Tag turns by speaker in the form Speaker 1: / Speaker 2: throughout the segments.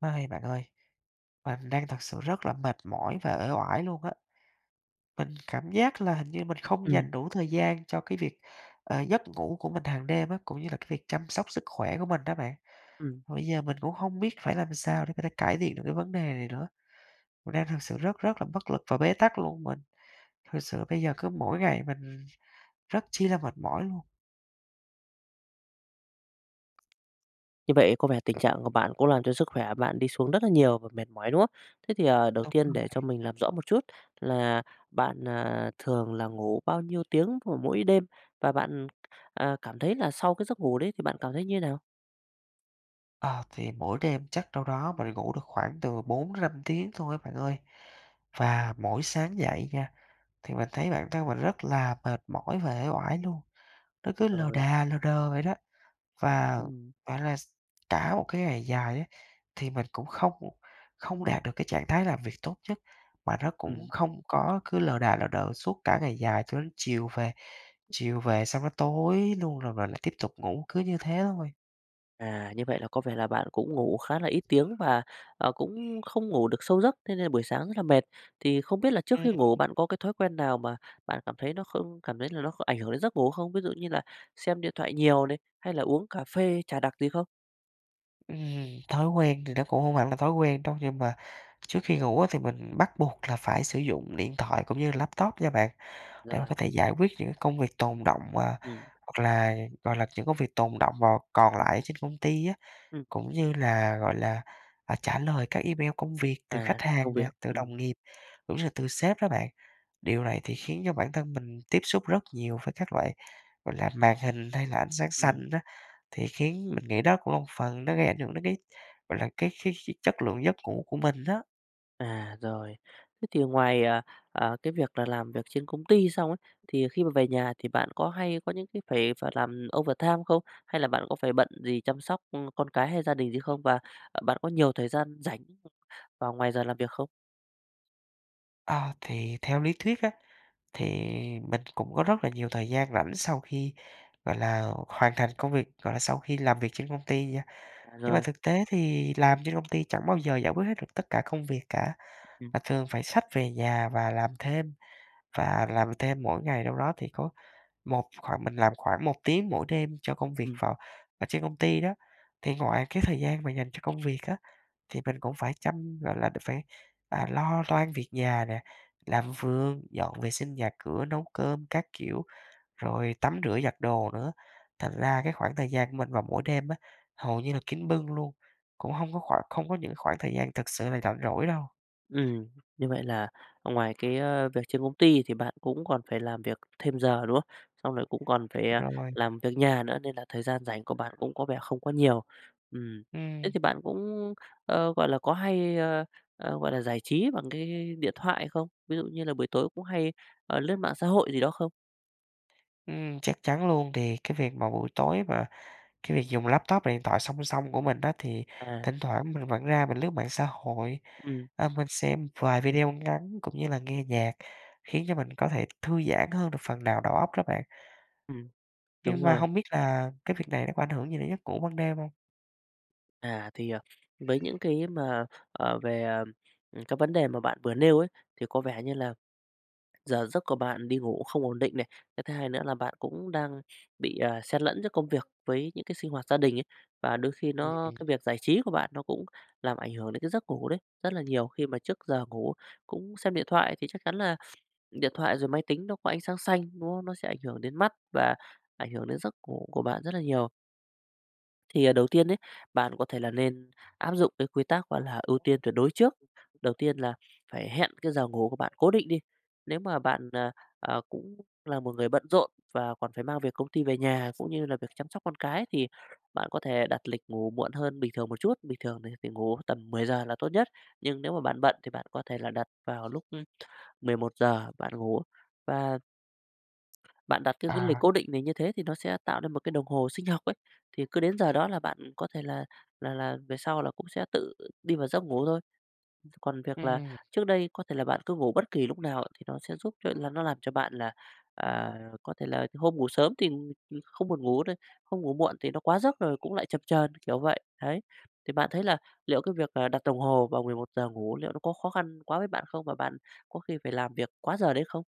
Speaker 1: Quá hay bạn ơi. Mình đang thực sự rất là mệt mỏi và uể oải luôn á, mình cảm giác là hình như mình không dành
Speaker 2: Ừm.
Speaker 1: đủ thời gian cho cái việc, ờ, giấc ngủ của mình hàng đêm á, cũng như là cái việc chăm sóc sức khỏe của mình đó bạn.
Speaker 2: Ừm.
Speaker 1: Rồi giờ mình cũng hông biết phải làm sao để có thể cải thiện được cái vấn đề này nữa. Mình đang thực sự rất rất là bất lực và bế tắc luôn mình thực sự bây giờ cứ mỗi ngày mình rất chi là mệt mỏi luôn.
Speaker 2: Như vậy có vẻ tình trạng của bạn cũng làm cho sức khỏe bạn đi xuống rất là nhiều và mệt mỏi, đúng không? Thế thì, ờ, đầu
Speaker 1: Đúng
Speaker 2: tiên
Speaker 1: rồi
Speaker 2: để cho
Speaker 1: bạn.
Speaker 2: mình làm rõ một chút, là bạn, ờ, thường là ngủ bao nhiêu tiếng vào mỗi đêm và bạn, à, cảm thấy là sau cái giấc ngủ đấy thì bạn cảm thấy như nào?
Speaker 1: Ờ, thì mỗi đêm chắc đâu đó mình ngủ được khoảng từ 4-5 tiếng thôi bạn ơi. Và mỗi sáng dậy nha, thì mình thấy bản thân mình rất là mệt mỏi và uể oải luôn, nó cứ lờ
Speaker 2: Rồi.
Speaker 1: đà lờ đờ vậy đó. Và,
Speaker 2: Ừm.
Speaker 1: gọi là, s cả một cái ngày dài á, thì mình cũng không không đạt được cái trạng thái làm việc tốt nhất, mà nó cũng
Speaker 2: Ừm.
Speaker 1: không có cứ lờ đà lờ đờ suốt cả ngày dài cho đến chiều về. Chiều về xong nó tối luôn rồi mình lại tiếp tục ngủ, cứ như thế thôi.
Speaker 2: À, như vậy là có vẻ là bạn cũng ngủ khá là ít tiếng và, ờ, cũng không ngủ được sâu giấc, thế nên là buổi sáng rất là mệt. Thì không biết là trước
Speaker 1: Ừm.
Speaker 2: khi ngủ bạn có cái thói quen nào mà bạn cảm thấy nó không cảm thấy là nó có ảnh hưởng đến giấc ngủ không? Ví dụ như là xem điện thoại nhiều này, hay là uống cà phê, trà đặc gì không?
Speaker 1: Ừm, thói quen thì nó cũng hông hẳn là thói quen đâu, nhưng mà trước khi ngủ á thì mình bắt buộc là phải sử dụng điện thoại cũng như laptop nha bạn để mà có
Speaker 2: Rồi.
Speaker 1: thể giải quyết những công việc tồn động và
Speaker 2: Ừm.
Speaker 1: hoặc là, ờ, gọi là, những công việc tồn động vào còn lại ở trên công ty á,
Speaker 2: Ừm.
Speaker 1: cũng như là, gọi là, à, trả lời các email công việc từ khách
Speaker 2: À, công
Speaker 1: hàng
Speaker 2: việc.
Speaker 1: nè, từ
Speaker 2: Ừm.
Speaker 1: đồng nghiệp, cũng như là từ sếp đó bạn. Điều này thì khiến cho bản thân mình tiếp xúc rất nhiều với các loại, gọi là, màn hình hay là ánh sáng
Speaker 2: Ừm.
Speaker 1: xanh đó, thì khiến mình nghĩ đó cũng là một phần nó gây ảnh hưởng đến cái, gọi là, cái cái cái chất lượng giấc ngủ của mình á.
Speaker 2: À, rồi. Thế thì ngoài, à, à, cái việc là làm việc trên công ty xong ấy, thì khi mà về nhà thì bạn có hay có những cái phải phải làm overtime không? Hay là bạn có phải bận gì chăm sóc, ưm, con cái hay gia đình gì không? Và, ờ, bạn có nhiều thời gian rảnh vào ngoài giờ làm việc không?
Speaker 1: Ờ, thì theo lý thuyết á, thì mình cũng có rất là nhiều thời gian rảnh sau khi, gọi là, hoàn thành công việc, gọi là, sau khi làm việc trên công ty nha.
Speaker 2: À,
Speaker 1: Nhưng mà
Speaker 2: rồi.
Speaker 1: thực tế thì làm trên công ty chẳng bao giờ giải quyết hết được tất cả công việc cả,
Speaker 2: Ừm.
Speaker 1: mà thường phải xách về nhà và làm thêm, và làm thêm mỗi ngày đâu đó thì có một khoảng mình làm khoảng 1 tiếng mỗi đêm cho công việc
Speaker 2: Ừm.
Speaker 1: phòng ở trên công ty đó. Thì ngoài cái thời gian mà dành cho công việc á, thì mình cũng phải chăm gọi là, phải, à, lo toan việc nhà nè, làm vườn, dọn vệ sinh nhà cửa, nấu cơm các kiểu, rồi tắm rửa giặt đồ nữa. Thành ra cái khoảng thời gian của mình vào mỗi đêm á, hầu như là kín bưng luôn, cũng hông có khoảng không có những khoảng thời gian thực sự là rảnh rỗi đâu.
Speaker 2: Ừm, như vậy là ngoài cái, ơ, việc trên công ty thì bạn cũng còn phải làm việc thêm giờ, đúng không? Xong rồi cũng còn phải
Speaker 1: Rồi ngoài
Speaker 2: làm việc nhà nữa nên là thời gian rảnh của bạn cũng có vẻ không có nhiều. Ừm,
Speaker 1: Ừm.
Speaker 2: thế thì bạn cũng, ơ, gọi là có hay, ơ, ờ, gọi là giải trí bằng cái điện thoại không? Ví dụ như là buổi tối cũng hay, ờ, lướt mạng xã hội gì đó không?
Speaker 1: Ừm, chắc chắn luôn. Thì cái việc mà buổi tối và cái việc dùng laptop và điện thoại song song của mình á thì
Speaker 2: À.
Speaker 1: thỉnh thoảng mình vẫn ra mình lướt mạng xã hội,
Speaker 2: Ừm.
Speaker 1: ơ, mình xem vài video ngắn, cũng như là nghe nhạc, khiến cho mình có thể thư giãn hơn được phần nào đầu óc đó bạn.
Speaker 2: Ừm,
Speaker 1: Nhưng
Speaker 2: đúng
Speaker 1: mà
Speaker 2: rồi.
Speaker 1: hông biết là cái việc này nó có ảnh hưởng gì đến giấc ngủ ban đêm hông?
Speaker 2: À, thì, ờ, với những cái mà, ờ, về, à, ừm, cái vấn đề mà bạn vừa nêu ấy, thì có vẻ như là giờ giấc của bạn đi ngủ không ổn định này. Cái thứ hai nữa là bạn cũng đang bị, à, xen lẫn giữa công việc với những cái sinh hoạt gia đình ấy. Và đôi khi
Speaker 1: Ừm,
Speaker 2: nó
Speaker 1: ừm.
Speaker 2: cái việc giải trí của bạn nó cũng làm ảnh hưởng đến cái giấc ngủ đấy, rất là nhiều khi mà trước giờ ngủ cũng xem điện thoại thì chắc chắn là điện thoại rồi máy tính nó có ánh sáng xanh, đúng không? Nó sẽ ảnh hưởng đến mắt và ảnh hưởng đến giấc ngủ của bạn rất là nhiều. Thì, ờ, đầu tiên ấy, bạn có thể là nên áp dụng cái quy tắc gọi là ưu tiên tuyệt đối trước. Đầu tiên là phải hẹn cái giờ ngủ của bạn cố định đi. Nếu mà bạn, ờ, ờ, cũng là một người bận rộn và còn phải mang việc công ty về nhà, cũng như là việc chăm sóc con cái, thì bạn có thể đặt lịch ngủ muộn hơn bình thường một chút. Bình thường thì phải ngủ tầm 10:00 là tốt nhất, nhưng nếu mà bạn bận thì bạn có thể là đặt vào lúc 11:00 bạn ngủ và Bạn đặt theo cái lịch
Speaker 1: À.
Speaker 2: cố định này như thế thì nó sẽ tạo nên một cái đồng hồ sinh học ấy, thì cứ đến giờ đó là bạn có thể là là là về sau là cũng sẽ tự đi vào giấc ngủ thôi. Còn việc là
Speaker 1: Ừm.
Speaker 2: trước đây có thể là bạn cứ ngủ bất kỳ lúc nào, thì nó sẽ giúp cho là nó làm cho bạn là, ờ, có thể là hôm ngủ sớm thì thì không buồn ngủ đây, hôm ngủ muộn thì nó quá giấc rồi cũng lại chập chờn, kiểu vậy. Đấy, thì bạn thấy là liệu cái việc, ờ, đặt đồng hồ vào 11:00 ngủ liệu nó có khó khăn quá với bạn không và bạn có khi phải làm việc quá giờ đấy không?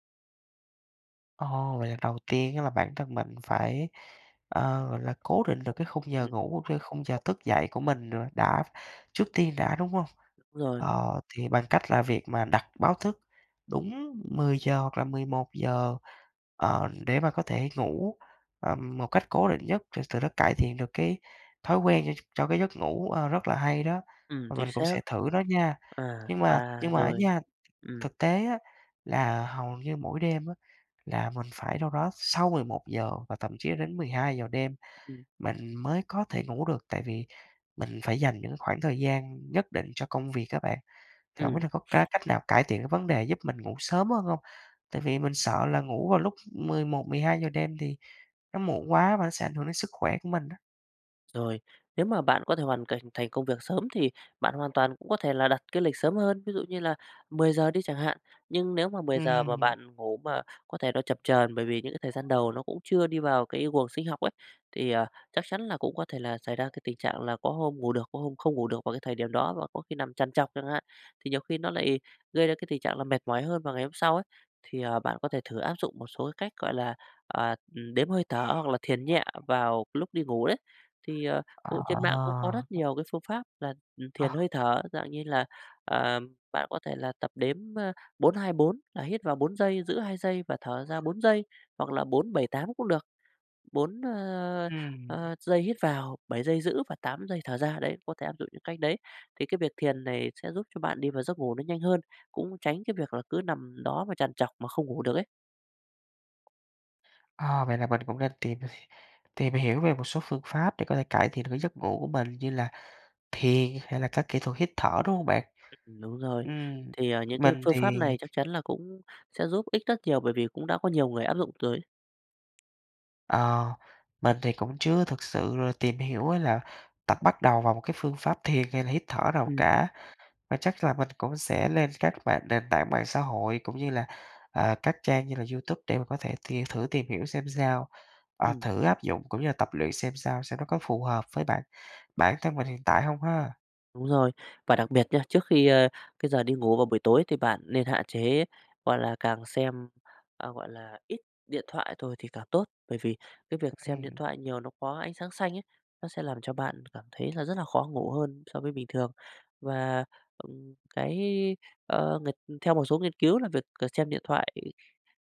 Speaker 1: Ờ, vậy là đầu tiên á là bản thân mình phải, ờ, gọi là, cố định được cái khung giờ
Speaker 2: Ừm.
Speaker 1: ngủ cũng như khung giờ thức dậy của mình nữa đã trước tiên đã, đúng hông?
Speaker 2: Đúng rồi.
Speaker 1: Ờ, thì bằng cách là việc mà đặt báo thức đúng 10:00 hoặc là 11:00, ờ, để mà có thể ngủ, ờ, một cách cố định nhất, rồi từ đó cải thiện được cái thói quen ch cho cái giấc ngủ rất là hay đó,
Speaker 2: Ừm,
Speaker 1: và
Speaker 2: chính
Speaker 1: mình cũng
Speaker 2: xác.
Speaker 1: sẽ thử đó nha.
Speaker 2: À,
Speaker 1: Nhưng mà
Speaker 2: và
Speaker 1: nhưng mà á
Speaker 2: rồi,
Speaker 1: nha,
Speaker 2: ừm.
Speaker 1: thực tế á, là hầu như mỗi đêm á, là mình phải đâu đó sau 11:00 và thậm chí là đến 12:00 đêm,
Speaker 2: Ừm.
Speaker 1: mình mới có thể ngủ được, tại vì mình phải dành những cái khoảng thời gian nhất định cho công việc á bạn. Thì hông biết
Speaker 2: Ừm.
Speaker 1: là có cá cách nào cải thiện cái vấn đề giúp mình ngủ sớm hơn hông? Tại vì mình sợ là ngủ vào lúc 11:00, 12:00 đêm thì nó muộn quá và nó sẽ ảnh hưởng đến sức khỏe của mình á.
Speaker 2: Rồi, nếu mà bạn có thể hoàn cảnh thành công việc sớm thì bạn hoàn toàn cũng có thể là đặt cái lịch sớm hơn. Ví dụ như là 10:00 giờ đi chẳng hạn, nhưng nếu mà 10:00 mà
Speaker 1: Ừm.
Speaker 2: bạn ngủ mà có thể nó chập chờn bởi vì những cái thời gian đầu nó cũng chưa đi vào cái guồng sinh học ấy, thì, ờ, chắc chắn là cũng có thể là xảy ra cái tình trạng là có hôm ngủ được, có hôm không ngủ được vào cái thời điểm đó và có khi nằm trằn trọc chẳng hạn, thì nhiều khi nó lại gây ra cái tình trạng là mệt mỏi hơn vào ngày hôm sau ấy. Thì, ờ, bạn có thể thử áp dụng một số cách, gọi là, ờ, ừm, đếm hơi thở hoặc là thiền nhẹ vào lúc đi ngủ ấy. Thì, ờ, ô trên mạng cũng có
Speaker 1: À.
Speaker 2: rất nhiều cái phương pháp là, ừm, thiền
Speaker 1: Ờ.
Speaker 2: hơi thở, dạng như là, ờ, bạn có thể là tập đếm, a, 4-2-4 ấy, là hít vào 4 giây, giữ 2 giây và thở ra 4 giây. Hoặc là 4-7-8 cũng được, 4, ơ,
Speaker 1: Ừm.
Speaker 2: ơ, giây hít vào, 7 giây giữ và 8 giây thở ra đấy, có thể áp dụng những cách đấy. Thì cái việc thiền này sẽ giúp cho bạn đi vào giấc ngủ nó nhanh hơn, cũng tránh cái việc là cứ nằm đó và trằn trọc mà không ngủ được ấy.
Speaker 1: À, vậy là mình cũng nên tìm tìm hiểu về một số phương pháp để có thể cải thiện được cái giấc ngủ của mình như là thiền hay là các kỹ thuật hít thở, đúng hông bạn?
Speaker 2: Đúng rồi.
Speaker 1: Ừm,
Speaker 2: Thì, à, những cái
Speaker 1: mình
Speaker 2: phương
Speaker 1: thì
Speaker 2: pháp này chắc chắn là cũng sẽ giúp ích rất nhiều bởi vì cũng đã có nhiều người áp dụng tới.
Speaker 1: ờ, mình thì cũng chưa thực sự là tìm hiểu hay là tập bắt đầu vào một cái phương pháp thiền hay là hít thở nào
Speaker 2: Ừm.
Speaker 1: cả. Mà chắc là mình cũng sẽ lên các mạng nền tảng mạng xã hội cũng như là, ờ, các trang như là YouTube để mình có thể tìm thử tìm hiểu xem sao, ờ,
Speaker 2: Ừm.
Speaker 1: thử áp dụng cũng như là tập luyện xem sao, xem nó có phù hợp với bản bản thân mình hiện tại hông ha.
Speaker 2: Đúng rồi, và đặc biệt nha, trước khi, a, cái giờ đi ngủ vào buổi tối thì bạn nên hạn chế, gọi là càng xem, ờ, gọi là, ít điện thoại thôi thì càng tốt. Bởi vì cái việc xem điện
Speaker 1: Ừm.
Speaker 2: thoại nhiều nó có ánh sáng xanh ấy, nó sẽ làm cho bạn cảm thấy là rất là khó ngủ hơn so với bình thường. Và, ừm, cái, ờ, ng theo một số nghiên cứu là việc, ờ, xem điện thoại,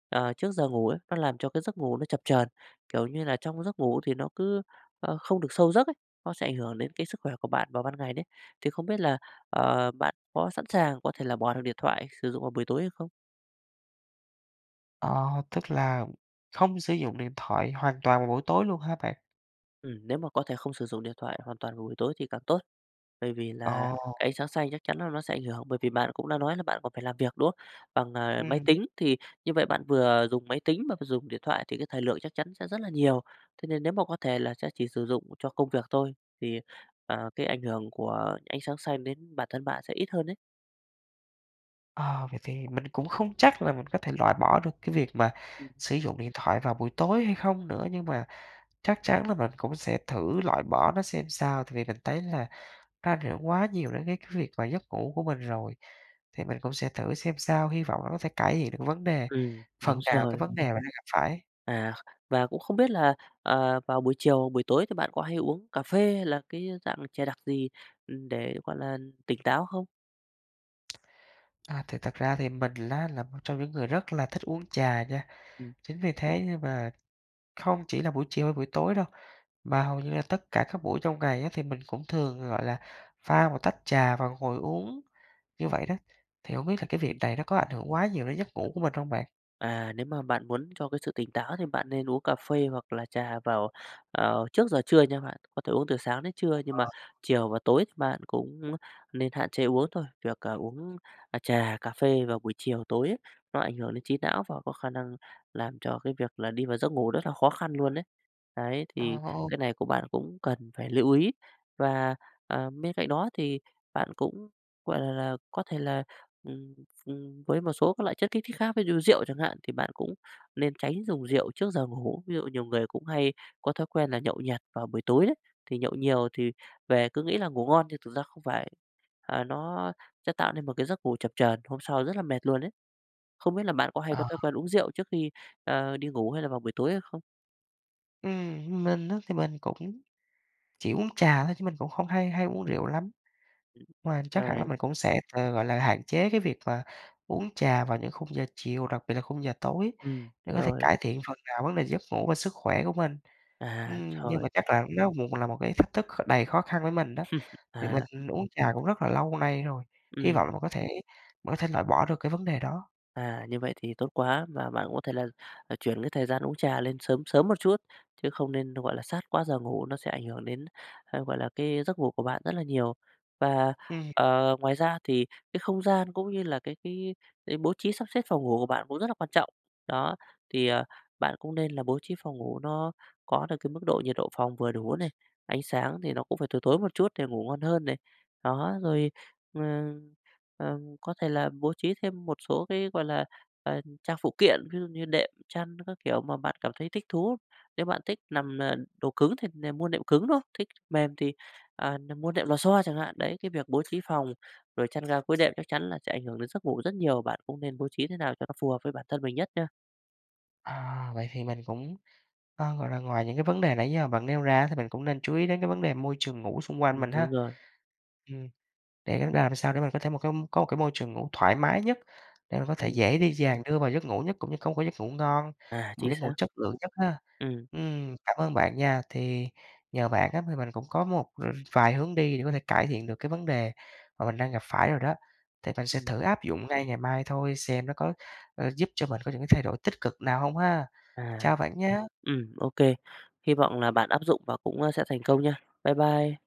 Speaker 2: ờ, trước giờ ngủ ấy, nó làm cho cái giấc ngủ nó chập chờn, kiểu như là, trong giấc ngủ thì nó cứ, ơ, không được sâu giấc ấy. Nó sẽ ảnh hưởng đến cái sức khỏe của bạn vào ban ngày đấy. Thì không biết là, ờ, bạn có sẵn sàng có thể là bỏ được điện thoại sử dụng vào buổi tối hay không?
Speaker 1: Ờ, tức là không sử dụng điện thoại hoàn toàn vào buổi tối luôn hả bạn?
Speaker 2: Ừm, nếu mà có thể không sử dụng điện thoại hoàn toàn vào buổi tối thì càng tốt. Bởi vì là
Speaker 1: Ồ.
Speaker 2: cái ánh sáng xanh chắc chắn là nó sẽ ảnh hưởng, bởi vì bạn cũng đã nói là bạn còn phải làm việc, đúng không? Bằng, à, máy
Speaker 1: Ừm.
Speaker 2: tính, thì như vậy bạn vừa dùng máy tính mà vừa dùng điện thoại thì cái thời lượng chắc chắn sẽ rất là nhiều. Thế nên nếu mà có thể là sẽ chỉ sử dụng cho công việc thôi, thì, ờ, cái ảnh hưởng của ánh sáng xanh đến bản thân bạn sẽ ít hơn ấy.
Speaker 1: Ờ, vậy thì mình cũng không chắc là mình có thể loại bỏ được cái việc mà
Speaker 2: Ừm.
Speaker 1: sử dụng điện thoại vào buổi tối hay không nữa, nhưng mà chắc chắn là mình cũng sẽ thử loại bỏ nó xem sao. Tại vì mình thấy là nó ảnh hưởng quá nhiều đến cái cái việc mà giấc ngủ của mình rồi. Thì mình cũng sẽ thử xem sao, hy vọng là có thể cải hiện được cái vấn đề
Speaker 2: Ừm, đúng
Speaker 1: phần nào cái
Speaker 2: rồi.
Speaker 1: vấn đề mình đang gặp phải.
Speaker 2: À, và cũng không biết là, ờ, vào buổi chiều, buổi tối thì bạn có hay uống cà phê hay là cái dạng chè đặc gì, ừm, để, gọi là, tỉnh táo không?
Speaker 1: À, thì thật ra thì mình lá là một trong những người rất là thích uống trà nha.
Speaker 2: Ừm.
Speaker 1: Chính vì thế nhưng mà không chỉ là buổi chiều hay là buổi tối đâu, mà hầu như là tất cả các buổi trong ngày á thì mình cũng thường, gọi là, pha một tách trà và ngồi uống như vậy đó. Thì hông biết là cái việc
Speaker 2: Ừm.
Speaker 1: này nó có ảnh hưởng quá nhiều đến giấc ngủ của mình hông bạn?
Speaker 2: À, nếu mà bạn muốn cho cái sự tỉnh táo thì bạn nên uống cà phê hoặc là trà vào, ờ, trước giờ trưa nha bạn. Có thể uống từ sáng đến trưa nhưng mà
Speaker 1: Ờ.
Speaker 2: chiều và tối thì bạn cũng, ơ, nên hạn chế uống thôi. Việc, ờ, uống, à, trà, cà phê vào buổi chiều tối ấy, nó ảnh hưởng đến trí não và có khả năng làm cho cái việc là đi vào giấc ngủ rất là khó khăn luôn ấy. Đấy, thì
Speaker 1: Ồ.
Speaker 2: cái này của bạn cũng cần phải lưu ý. Và, ờ, bên cạnh đó thì bạn cũng, gọi là là, có thể là, ừm, ừm, với một số các loại chất kích thích khác ví dụ như rượu chẳng hạn, thì bạn cũng lên tránh dùng rượu trước giờ ngủ. Ví dụ nhiều người cũng hay có thói quen là nhậu nhẹt vào buổi tối đấy, thì nhậu nhiều thì về cứ nghĩ là ngủ ngon nhưng thực ra không phải. À, nó sẽ tạo nên một cái giấc ngủ chập chờn, hôm sau rất là mệt luôn ấy. Không biết là bạn có hay có
Speaker 1: Ờ.
Speaker 2: thói quen uống rượu trước khi, ờ, đi ngủ hay là vào buổi tối hay không?
Speaker 1: Ừm, mình á thì mình cũng chỉ uống trà thôi chứ mình cũng không hay hay uống rượu lắm,
Speaker 2: Ừm,
Speaker 1: mà chắc hẳn là
Speaker 2: rồi.
Speaker 1: mình cũng sẽ, ờ, gọi là, hạn chế cái việc mà uống trà vào những khung giờ chiều, đặc biệt là khung giờ tối,
Speaker 2: Ừm,
Speaker 1: để có thể
Speaker 2: rồi.
Speaker 1: cải thiện phần nào vấn đề giấc ngủ và sức khỏe của mình.
Speaker 2: À,
Speaker 1: Ừm, nhưng
Speaker 2: rồi.
Speaker 1: mà chắc là nó buộc mà là một cái thách thức đầy khó khăn với mình đó, vì
Speaker 2: À.
Speaker 1: mình uống trà cũng rất là lâu nay rồi, hy vọng là
Speaker 2: Ừm.
Speaker 1: mình có thể mình có thể loại bỏ được cái vấn đề đó.
Speaker 2: À, như vậy thì tốt quá, mà bạn cũng có thể là chuyển cái thời gian uống trà lên sớm sớm một chút, chứ không nên, gọi là, sát quá giờ ngủ nó sẽ ảnh hưởng đến, gọi là, cái giấc ngủ của bạn rất là nhiều. Và,
Speaker 1: Ừm.
Speaker 2: ờ, ngoài ra thì cái không gian, cũng như là cái cái cái bố trí sắp xếp phòng ngủ của bạn cũng rất là quan trọng, đó. Thì, ờ, bạn cũng nên là bố trí phòng ngủ nó có được cái mức độ nhiệt độ phòng vừa đủ này, ánh sáng thì nó cũng phải tối tối một chút để ngủ ngon hơn này, đó. Rồi, ừm, ừm, có thể là bố trí thêm một số cái, gọi là, ờ, trang phụ kiện, ví dụ như đệm, chăn, các kiểu mà bạn cảm thấy thích thú. Nếu bạn thích nằm, ờ, đồ cứng thì mua đệm cứng thôi, thích mềm thì, ờ, nằm mua đệm lò xo chẳng hạn, đấy. Cái việc bố trí phòng, rồi chăn ga gối đệm, chắc chắn là sẽ ảnh hưởng đến giấc ngủ rất nhiều, bạn cũng nên bố trí thế nào cho nó phù hợp với bản thân mình nhất nha.
Speaker 1: À, vậy thì mình cũng, ờ, gọi là, ngoài những cái vấn đề nãy giờ bạn nêu ra thì mình cũng nên chú ý đến cái vấn đề môi trường ngủ xung quanh
Speaker 2: Ừm,
Speaker 1: mình ha.
Speaker 2: đúng rồi.
Speaker 1: Ừm, để ra làm sao để mình có thể mà có có một cái môi trường ngủ thoải mái nhất, để mình có thể
Speaker 2: Ừm.
Speaker 1: dễ đi dàng đưa vào giấc ngủ nhất, cũng như có một giấc ngủ ngon,
Speaker 2: À,
Speaker 1: một
Speaker 2: chính
Speaker 1: giấc ngủ
Speaker 2: xác.
Speaker 1: chất lượng nhất ha.
Speaker 2: Ừm.
Speaker 1: Ừm, cảm ơn bạn nha, thì nhờ bạn á thì mình cũng có một v vài hướng đi để có thể cải thiện được cái vấn đề mà mình đang gặp phải rồi đó. Thì mình sẽ
Speaker 2: Ừm.
Speaker 1: thử áp dụng ngay ngày mai thôi xem nó có, ờ, giúp cho mình có những cái thay đổi tích cực nào hông ha.
Speaker 2: À.
Speaker 1: Chào bạn nha!
Speaker 2: Ừm, ô kê. Hy vọng là bạn áp dụng và cũng sẽ thành công nha, bye bye.